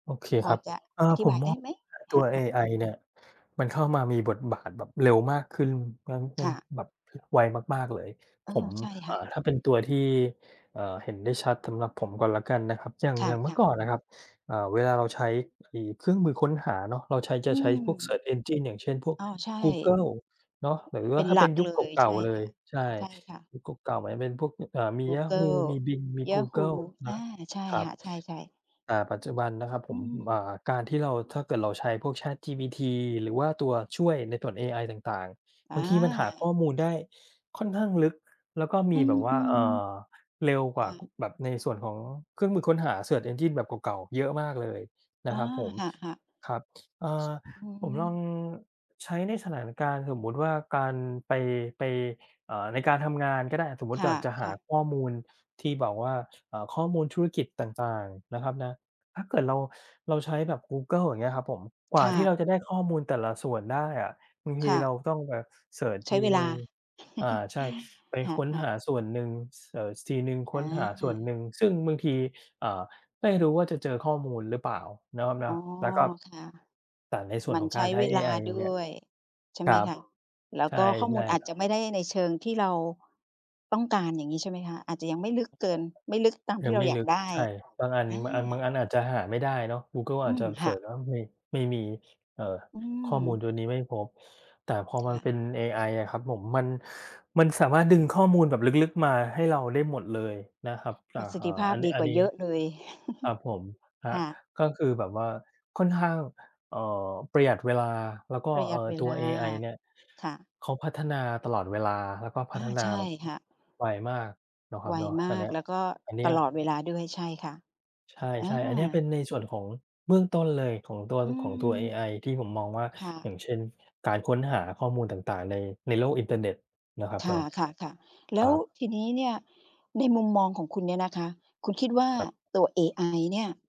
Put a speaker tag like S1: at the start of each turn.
S1: โอเค
S2: พอ
S1: ครับ
S2: จะ
S1: เออ
S2: อธิ
S1: ผ
S2: บ
S1: ม
S2: าย
S1: ม
S2: ได
S1: อ
S2: ้
S1: ง
S2: ไหม?
S1: เออ ต
S2: ค
S1: ั
S2: ่ะ
S1: วเอ
S2: ๆ
S1: ไอเนี่ย มันเข้ามามีบทบาทแบบเร็วมากขึ้น
S2: ค่ะ
S1: [unintelligible] แบบไวมาก ๆ เลย
S2: เอ
S1: ผ
S2: อ
S1: ม
S2: ใช่ค
S1: อ
S2: ่
S1: ่
S2: ะ
S1: า ถ้าเป็นตัวที่ เอ่อ เห็นได้ชัดสำหรับผมก่อนแล้วกันนะครับ อย่าง
S2: ค
S1: อย่างเมื่
S2: ่
S1: อ
S2: ะ ๆ
S1: ก่อนน่ะครับ อ่า เวลาเราใช้ไอ้เครื่องมือค้นหาเนาะ เราใช้
S2: อ
S1: จ
S2: ื
S1: ะใช้พวกเซ
S2: ม
S1: ิร์ช engine อย่างเช่น พวก
S2: อ้อ ใช่
S1: กูเกิลเนาะ หรือ
S2: เป็น
S1: ถ้า
S2: หล
S1: เป
S2: ั
S1: ็น
S2: ก
S1: ยุ
S2: เล
S1: คเ
S2: ย
S1: ก
S2: ใ
S1: ่
S2: ช
S1: า
S2: ่
S1: ๆ เล
S2: ค่
S1: ย
S2: ะ
S1: ใช่
S2: ใช่ค่ะ
S1: ยุคเก่า ๆ เหมือนจะเป็นพวก อ่า มี
S2: กูเก
S1: Yahoo!
S2: ิล
S1: มี Bing มีกูเก
S2: Yahoo!
S1: ิล
S2: อ
S1: นะ
S2: า ใช่
S1: ครั
S2: ค
S1: บ
S2: ่ะ ใช่ ๆ
S1: อ่า ปัจจุบันนะครับ
S2: อ
S1: ผ
S2: ื
S1: ม อ
S2: ม
S1: ่า การที่เรา ถ้าเกิดเราใช้พวก ChatGPT หรือว่าตัวช่วยในส่วนเอไอต่าง ๆ
S2: อ
S1: บางทีมันหาข้อ
S2: า
S1: มูลได้ค่อนข้างลึก แล้วก็ม
S2: อื
S1: ีแบบว่า เอ่
S2: ม
S1: อ เร็วก
S2: ค
S1: ว่
S2: ่
S1: า
S2: ะ
S1: แบบในส่วนของเครื่องมือค้นหาเซิร์ช engine แบบเก่า ๆ เยอะมากเลยน
S2: อ
S1: ะ
S2: า
S1: ครับผม
S2: ค่ะ ๆ
S1: ครับ อา
S2: อื
S1: ผมลอง
S2: ม
S1: ใช้ในสถานการณ์สมมุติว่าการไป ไป อ่า ในการทำงานก็ได้ สมมุต
S2: ค
S1: ิอยากจะหา
S2: ่ะ ๆ
S1: ข้อมูลที่แบบว่า อ่า ข้อมูลธุรกิจต่าง ๆ นะครับนะ ถ้าเกิดเรา เราใช้แบบกูเกิลอย่างเงี้ยครับผม กว
S2: ค
S1: ่า
S2: ่
S1: ที่เ
S2: ะ
S1: ราจะได้ข้อมูลแต่ละส่วนได้อะ บางท
S2: ค
S1: ี
S2: ่
S1: เร
S2: ะ
S1: าต้องแบบเซิร์ช
S2: ใช
S1: ท
S2: ้
S1: ี
S2: เว
S1: ห
S2: ล
S1: นึ
S2: า
S1: ่ง อ่า ใช่ ไป
S2: ค
S1: ค้น
S2: ่ะ
S1: ห
S2: ๆ
S1: าส่วนหนึ่ง เซิร์ชทีหนึ่ง ค
S2: อ
S1: ้นหาส่วนหน
S2: า
S1: ึ่ง ซึ่งบางที อ่า ไม่รู้ว่าจะเจอข้อมูลหรือเปล่าเนาะครับเน
S2: อ
S1: า
S2: ๋
S1: ะ
S2: อ
S1: แล้วก็
S2: ค่ะ
S1: แต่ในส
S2: เ
S1: ่
S2: ห
S1: ว
S2: ม
S1: น
S2: ือ
S1: ข
S2: น
S1: อง
S2: ใช
S1: กา
S2: ้
S1: รใช้
S2: เว
S1: เอ
S2: ลา
S1: ไอ
S2: ด
S1: เนี
S2: ้
S1: ่ย
S2: วย ใช่
S1: ค
S2: ไห
S1: ร
S2: ม
S1: ับ
S2: คะ? แล้ว
S1: ใช
S2: ก็ข้อมูล
S1: ่
S2: อา
S1: ๆ
S2: จ
S1: ครั
S2: จ
S1: บ
S2: ะไม่ได้ในเชิงที่เราต้องการอย่างงี้ใช่ไหมคะ? อาจจะยังไม่ลึกเกิน ไม่ลึกตามท
S1: ย
S2: ี
S1: ัง
S2: ่เรา
S1: ไม่
S2: อยา
S1: ล
S2: ก
S1: ึก
S2: ได้
S1: ใช่ บางอัน
S2: อา
S1: บางอัน บางอันอาจจะหาไม่ได้เนาะ กูเกิล
S2: อ
S1: อ
S2: ื
S1: าจจ
S2: ม
S1: ะเ
S2: ค
S1: ซ
S2: ่
S1: ิร์ช
S2: ะ
S1: แล้ว ไม่ ไม่มี เอ่อ
S2: อื
S1: ข้อมูล
S2: ม
S1: ตัวนี้ไม่พบ แต่พอมั
S2: ค
S1: น
S2: ่ะ
S1: เป็นเอไออะครับผม มัน มันสามารถดึงข้อมูลแบบลึก ๆ มาให้เราได้หมดเลยนะครับ อ
S2: ป
S1: ่
S2: ร
S1: า
S2: ะสิทธิภา
S1: อ
S2: พ
S1: ันนี
S2: ด
S1: ้
S2: ี
S1: อ
S2: ก
S1: ั
S2: ว
S1: น
S2: ่า
S1: นี
S2: เย
S1: ้
S2: อะเลย
S1: ครับผม คร
S2: ค
S1: ับ
S2: ่ะ
S1: ก็คือแบบว่าค่อนข้าง เอ่อ ประหยัดเวลา แล้วก็
S2: ประหย
S1: เอ่
S2: ั
S1: อ
S2: ดเว
S1: ตั
S2: ล
S1: ว
S2: า
S1: เอไอเนี่ย
S2: ค่ะ
S1: เขาพัฒนาตลอดเวลา แล้วก็พ
S2: อ
S1: ั
S2: า
S1: ฒนา
S2: ใช่
S1: แบบ
S2: ค่ะ
S1: ไวมากเนาะคร
S2: ไ
S1: ั
S2: ว
S1: บเนาะ
S2: มา
S1: อันเนี
S2: ก
S1: ้ย
S2: แล้วก็
S1: อันเนี
S2: ต
S1: ้ย
S2: ลอดเวลาด้วย ใช่ค่ะ
S1: ใช
S2: อา
S1: ่ ๆ อันเนี้ยเป็นในส่วนของเบื้องต้นเลยของตัว
S2: อื
S1: ของตัวเอ
S2: ม
S1: ไอที่ผมมองว่า
S2: ค่
S1: อย่
S2: ะ
S1: างเช่น การค้นหาข้อมูลต่าง ๆ ใน ในโลกอินเทอร์เน็ตเนาะครับ
S2: ค
S1: เนาะ
S2: ่ะ ๆ ๆ แล
S1: ค
S2: ้
S1: ร
S2: ว
S1: ับ
S2: ทีนี้เนี่ย ในมุมมองของคุณเนี่ยนะคะ คุณคิดว่า
S1: ครับ
S2: ตัวเอไอเนี่ย